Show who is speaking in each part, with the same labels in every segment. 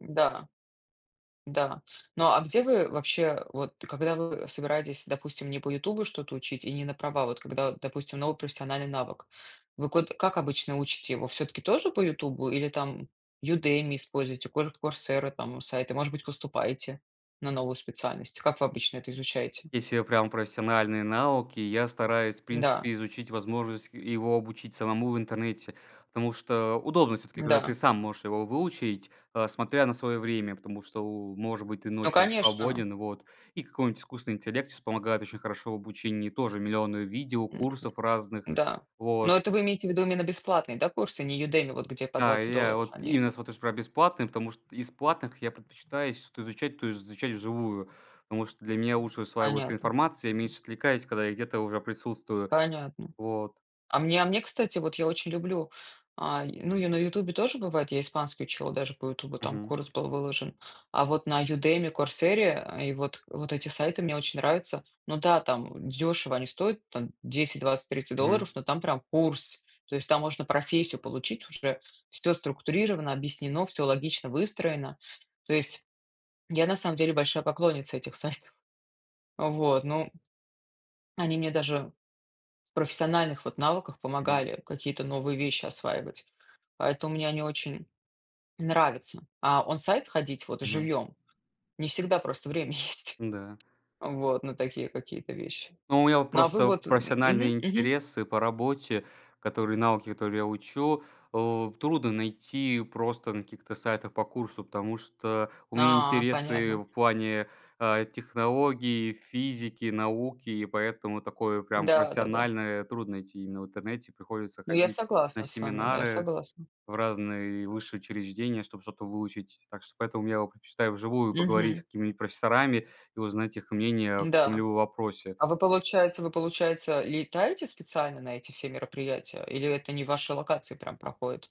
Speaker 1: Да. Да. Ну, а где вы вообще, вот когда вы собираетесь, допустим, не по "Ютубу" что-то учить и не на права, вот когда, допустим, новый профессиональный навык. Вы ко как обычно учите его, всё-таки тоже по "Ютубу" или там Udemy используйте, кур Coursera там сайты, может быть, поступаете на новую специальность? Как вы обычно это изучаете?
Speaker 2: Если прям профессиональные навыки, я стараюсь, в
Speaker 1: Да.
Speaker 2: принципе, изучить возможность, э, его обучить самому в интернете. Потому что удобно всё-таки, когда ты
Speaker 1: Да.
Speaker 2: сам можешь его выучить, э, смотря на свое время, потому что, может быть, ты
Speaker 1: Ну,
Speaker 2: ночью
Speaker 1: конечно!
Speaker 2: свободен вот. И какой-нибудь искусственный интеллект сейчас помогает очень хорошо в обучении. Тоже миллионы видео, курсов разных.
Speaker 1: Да,
Speaker 2: Вот.
Speaker 1: но это вы имеете в виду именно бесплатные, да, курсы? Не Udemy, вот где по
Speaker 2: Да,
Speaker 1: 20
Speaker 2: и я
Speaker 1: долларов
Speaker 2: вот
Speaker 1: они.
Speaker 2: именно смотрю чтоб прям бесплатные, потому что из платных я предпочитаю если что-то изучать, то изучать вживую. Потому что для меня лучше усваивается
Speaker 1: Понятно.
Speaker 2: информация, я меньше отвлекаюсь, когда я где-то уже присутствую.
Speaker 1: Понятно.
Speaker 2: Вот.
Speaker 1: А мне а мне, кстати вот, я очень люблю ай, ну, я на "Ютубе" тоже бывает, я испанский учила даже по "Ютубу", там
Speaker 2: Мгм.
Speaker 1: курс был выложен. А вот на Udemy, "Курсере" и вот вот эти сайты мне очень нравится. Ну да там, дешево они стоят там 10-20-30
Speaker 2: Мгм.
Speaker 1: долларов, но там прям курс. То есть там можно профессию получить, уже всё структурировано, объяснено, всё логично выстроено. То есть я на самом деле большая поклонница этих сайтов. Вот, ну они мне даже с профессиональных вот навыках
Speaker 2: Мгм.
Speaker 1: помогали, какие-то новые вещи осваивать. Поэтому мне они очень нравятся, а он-сайт ходить вот
Speaker 2: Мгм.
Speaker 1: живьем не всегда просто время есть.
Speaker 2: Ну да.
Speaker 1: Вот. На такие какие-то вещи.
Speaker 2: Но у меня вот
Speaker 1: Ну, а вы
Speaker 2: просто
Speaker 1: вот м мгм
Speaker 2: профессиональные
Speaker 1: мгм.
Speaker 2: интересы по работе, которые навыки, которые я учу, э, трудно найти просто на каких-то сайтах по курсу. Потому что у меня
Speaker 1: А,
Speaker 2: интересы
Speaker 1: понятно.
Speaker 2: в плане, э, технологии, физики, науки и поэтому такое прям
Speaker 1: Да-да-да.
Speaker 2: профессиональное трудно найти именно в интернете. Приходится
Speaker 1: Но я
Speaker 2: ходить на
Speaker 1: согласна с вами, да, я
Speaker 2: семинары,
Speaker 1: согласна.
Speaker 2: в разные высшие учреждения, чтоб что-то выучить. Так что поэтому я предпочитаю вживую поговорить с
Speaker 1: Мгм.
Speaker 2: какими-нибудь профессорами и узнать их мнение в
Speaker 1: Да,
Speaker 2: каком-либо вопросе.
Speaker 1: а вы получается вы получается летаете специально на эти все мероприятия? Или это они вашей локации прям проходят?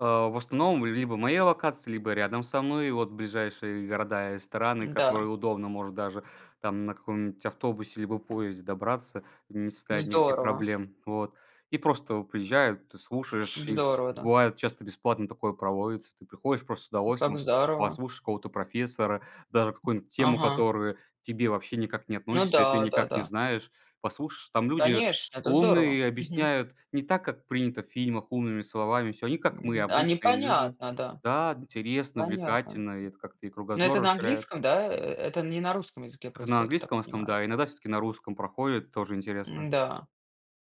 Speaker 2: Э, в основном, либо моя локация, либо рядом со мной. Вот ближайшие города и страны,
Speaker 1: Да.
Speaker 2: которые удобно. Может даже там на каком-нибудь автобусе, либо поезде добраться, не составит никаких
Speaker 1: Здорово.
Speaker 2: проблем. Вот. И просто приезжают, ты слушаешь
Speaker 1: Д
Speaker 2: их.
Speaker 1: здорово, да.
Speaker 2: Бывает часто бесплатно такое проводится. Ты приходишь просто с
Speaker 1: Как
Speaker 2: удовольствием,
Speaker 1: здорово.
Speaker 2: послушаешь какого-то профессора, даже какую-нибудь тему,
Speaker 1: Ага.
Speaker 2: которую к тебе вообще никак не
Speaker 1: Ну
Speaker 2: относишься и ты
Speaker 1: да,
Speaker 2: никак не
Speaker 1: да-да.
Speaker 2: знаешь. Послушаешь, там люди
Speaker 1: Конечно, это
Speaker 2: умные
Speaker 1: здорово.
Speaker 2: и
Speaker 1: Мгм.
Speaker 2: объясняют не так, как принято в фильмах умными словами всё. Они как мы-
Speaker 1: А
Speaker 2: обычные люди.
Speaker 1: непонятно, да!
Speaker 2: Да! Интересно,
Speaker 1: Понятно.
Speaker 2: увлекательно, и это как-то и
Speaker 1: Но это
Speaker 2: кругозор
Speaker 1: на
Speaker 2: расширяет.
Speaker 1: английском, да? Э это не на русском языке
Speaker 2: Это на
Speaker 1: происходит, я так
Speaker 2: английском, в основном,
Speaker 1: понимаю.
Speaker 2: да, иногда всё-таки на русском проходит, тоже интересно.
Speaker 1: М-да,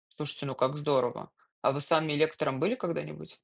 Speaker 1: слушайте, ну как здорово. А вы сами лектором были когда-нибудь?